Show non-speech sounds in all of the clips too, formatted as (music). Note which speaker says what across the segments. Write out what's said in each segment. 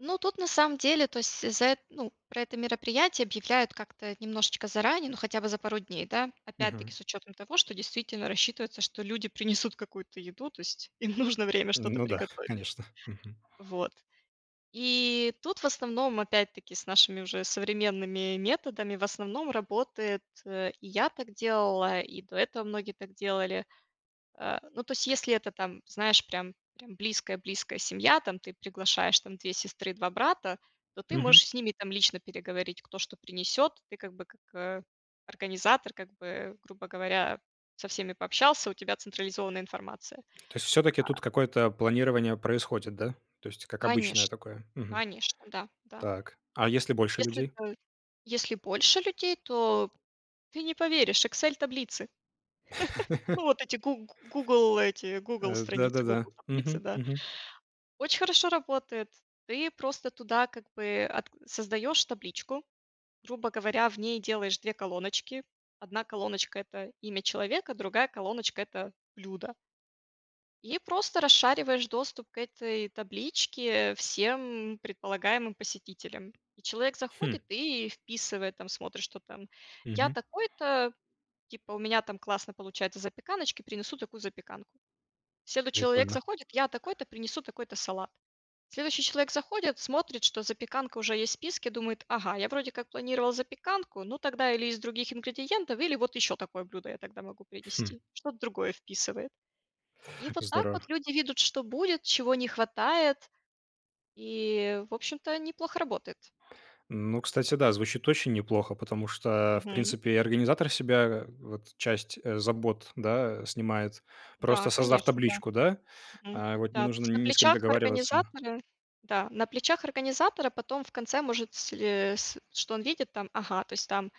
Speaker 1: Ну, тут, на самом деле, то есть за э ну, про это мероприятие объявляют как-то немножечко заранее, ну, хотя бы за пару дней, да, опять-таки
Speaker 2: Мгм.
Speaker 1: с учетом того, что действительно рассчитывается, что люди принесут какую-то еду, то есть им нужно время что-то
Speaker 2: Ну да,
Speaker 1: приготовить.
Speaker 2: конечно. Мгм.
Speaker 1: Вот. И тут, в основном, опять-таки, с нашими уже современными методами, в основном, работает, э, и я так делала, и до этого многие так делали. Э, ну, то есть, если это там, знаешь, прям прям близкая близкая семья, там ты приглашаешь там 2 сестры, 2 брата, то ты
Speaker 2: Мгм.
Speaker 1: можешь с ними, там, лично переговорить, кто что принесёт. Ты, как бы, как, э, организатор как бы, грубо говоря, со всеми пообщался, у тебя централизованная информация.
Speaker 2: То есть всё-таки
Speaker 1: А
Speaker 2: тут какое-то планирование происходит, да? То есть как обычное
Speaker 1: Конечно,
Speaker 2: такое. Мгм.
Speaker 1: конечно, да, да.
Speaker 2: Так. А если больше
Speaker 1: Если
Speaker 2: людей?
Speaker 1: той если больше людей, то ты не поверишь, Excel таблицы, (chuckles)
Speaker 2: (laughs)
Speaker 1: ну, вот эти гу "Гугл" эти "Гугл"
Speaker 2: Э, да,
Speaker 1: страницы,
Speaker 2: да-да.
Speaker 1: "Гугл" таблицы,
Speaker 2: Мгм.
Speaker 1: да.
Speaker 2: Мгм.
Speaker 1: Очень хорошо работает. Ты просто туда как бы ат создаешь табличку, грубо говоря, в ней делаешь 2 колоночки. 1 колоночка- это имя человека, другая колоночка- это блюдо. И просто расшариваешь доступ к этой табличке всем предполагаемым посетителям. И человек
Speaker 2: Хм.
Speaker 1: заходит и вписывает, там смотрит, что там: "Я
Speaker 2: Мгм.
Speaker 1: такой-то, типа, у меня там классно получается запеканочки, принесу такую запеканку". Следующий человек
Speaker 2: Прикольно.
Speaker 1: заходит: "Я такой-то, принесу такой-то салат". Следующий человек заходит, смотрит, что запеканка уже есть в списке, думает: "Ага, я вроде как планировал запеканку, ну, тогда или из других ингредиентов, или вот еще такое блюдо я тогда могу
Speaker 2: Хм.
Speaker 1: принести". Что-то другое вписывает. И вот так
Speaker 2: Здорово.
Speaker 1: вот люди видят, что будет, чего не хватает, и, в общем-то, неплохо работает.
Speaker 2: Ну, кстати, да, звучит очень неплохо, потому что, в
Speaker 1: Мгм.
Speaker 2: принципе, и организатор с себя вот часть, э, забот, да, снимает,
Speaker 1: Да,
Speaker 2: просто создав
Speaker 1: конечно, да.
Speaker 2: табличку, да.
Speaker 1: Мгм.
Speaker 2: А вот, не
Speaker 1: Да, то
Speaker 2: нужно
Speaker 1: есть на
Speaker 2: ни с кем
Speaker 1: плечах
Speaker 2: договариваться.
Speaker 1: организатора да, на плечах организатора потом в конце может сле с что он видит, там, ага, то есть там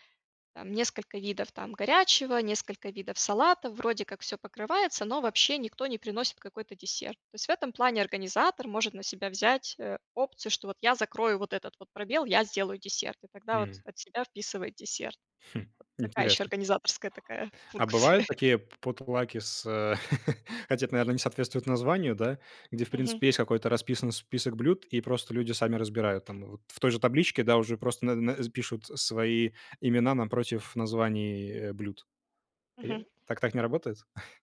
Speaker 1: там несколько видов, там, горячего, несколько видов салатов, вроде как всё покрывается, но вообще никто не приносит какой-то десерт. То есть в этом плане организатор может на себя взять, э, опцию, что вот я закрою вот этот вот пробел, я сделаю десерт, и тогда вот от себя вписывает десерт.
Speaker 2: Хм,
Speaker 1: Вот такая еще
Speaker 2: интересно.
Speaker 1: организаторская такая
Speaker 2: А
Speaker 1: функция.
Speaker 2: бывают такие п потлаки с, э, (laughs) хотя это, наверно, не соответствует названию, да, где, в
Speaker 1: Мгм.
Speaker 2: принципе, есть какой-то расписан список блюд, и просто люди сами разбирают. Там вот в той же табличке, да, уже просто на на пишут свои имена напротив названий, э, блюд. Я
Speaker 1: Мгм.
Speaker 2: так так не работает?